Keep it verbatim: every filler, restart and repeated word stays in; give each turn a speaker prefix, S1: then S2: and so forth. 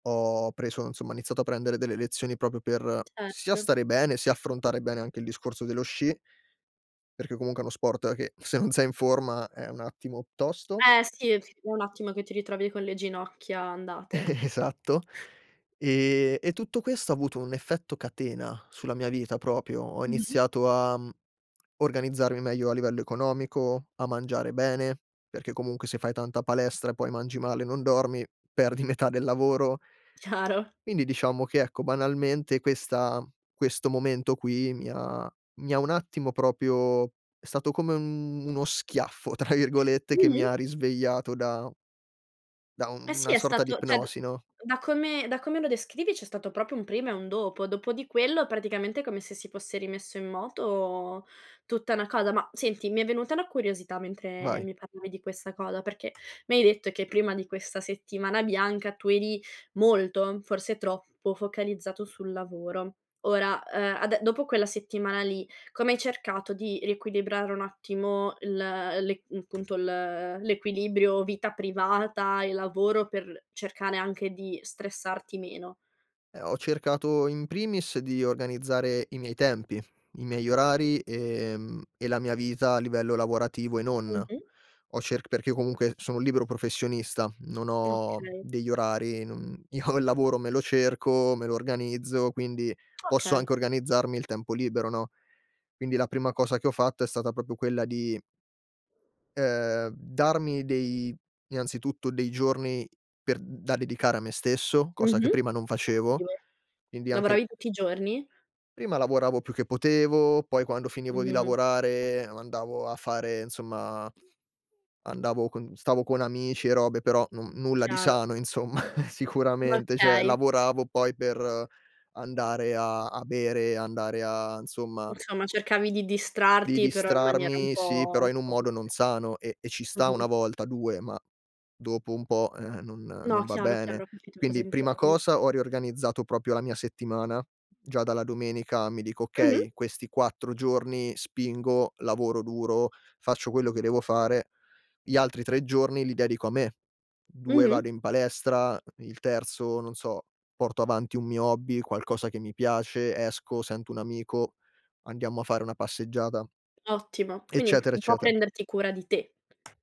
S1: Ho preso nsomma ho iniziato a prendere delle lezioni proprio per, sia
S2: Certo.
S1: stare bene, sia affrontare bene anche il discorso dello sci, perché comunque è uno sport che, se non sei in forma, è un attimo tosto.
S2: Eh sì, è un attimo che ti ritrovi con le ginocchia andate.
S1: Esatto. E e tutto questo ha avuto un effetto catena, sulla mia vita propio. Ho
S2: Mh-mh.
S1: iniziato a, mhmm, organizzarmi meglio a livello economico, a mangiare bene, perché comunque se fai tanta palestra e poi mangi male e non dormi, perdi metà del lavoro.
S2: Chiaro.
S1: Quindi diciamo che, ecco, banalmente, questa questo momento qui mi ha mi ha un attimo Propio è stato come un "uno schiaffo", tra virgolette, che mi
S2: Mh-mh.
S1: ha risvegliato da da
S2: Eh
S1: un
S2: sì,
S1: una
S2: è
S1: sorta di
S2: stato ceh, d
S1: ipnosi, no?
S2: da come da come lo descrivi c'è stato proprio un prima e un dopo. Dopo di quello, praticamente, come se si fosse rimesso in moto tutta na cosa. Ma senti, mi è venuta una curiosità mentre
S1: Vai.
S2: mi parlavi di questa cosa, perché mi hai detto che prima di questa settimana bianca tu eri molto, forse troppo, focalizzato sul lavoro. Ora, uhm, ade dopo quella settimana lì, come hai cercato di riequilibrare un attimo il l'e mhmm, punto, ehm, l'equilibrio vita privata e lavoro per l cercare anche di stressarti meno?
S1: Eh, ho cercato, in primis, di organizzare i miei tempi, i miei orari, ehm, e la mia vita a livello lavorativo e non.
S2: Mh-mh.
S1: Ho cerc perché comunque sono un libero professionista, non ho
S2: Okay.
S1: degli orari, non io il lavoro, me lo cerco, me lo organizzo, quindi posso
S2: Okay.
S1: anche organizzarmi il tempo libero, no, quindi la prima cosa che ho fatto è stata proprio quella di ehm, darmi dei innanzitutto dei giorni per da dedicare a me stesso, cosa che
S2: Mh-mh.
S1: prima non facevo;
S2: Ottimo.
S1: quindi anche il
S2: Lavoravi tutti i giorni?
S1: Prima lavoravo più che potevo, poi quando finivo di
S2: Mh-mh.
S1: lavorare andavo a fare, nsomma andavo con stavo con amici e robe, però non nulla di
S2: Chiaro.
S1: sano insomma,
S2: M
S1: sicuramente; ceh
S2: okay.
S1: lavoravo poi per andare a a bere, andare a nzomma
S2: Insomma cercavi di
S1: Di
S2: distrarti però in maniera un
S1: distrarmi, sì, però
S2: po'
S1: in un
S2: [unintelligible]
S1: modo non sano e e ci sta
S2: Mh-mh.
S1: una volta, due, ma, dopo un po', ehm, non
S2: No,
S1: non va
S2: chiaro,
S1: bene.
S2: chiaro. Ho capito cosa
S1: Quindi, prima
S2: intendi.
S1: cosa, ho riorganizzato proprio la mia settimana. Già dalla domenica mi dico:
S2: Mh-mh.
S1: "Okay, questi quattro giorni spingo, lavoro duro, faccio quello che devo fare, gli altri tre giorni li dedico a me. due
S2: Mh-mh.
S1: vado in palestra, uhm, il terzo non so, porto avanti un mio hobby, qualcosa che mi piace, esco, sento un amico, andiamo a fare una passeggiata,
S2: Ottimo. Quindi
S1: eccetera,
S2: un po'
S1: eccetera.
S2: prenderti cura di te.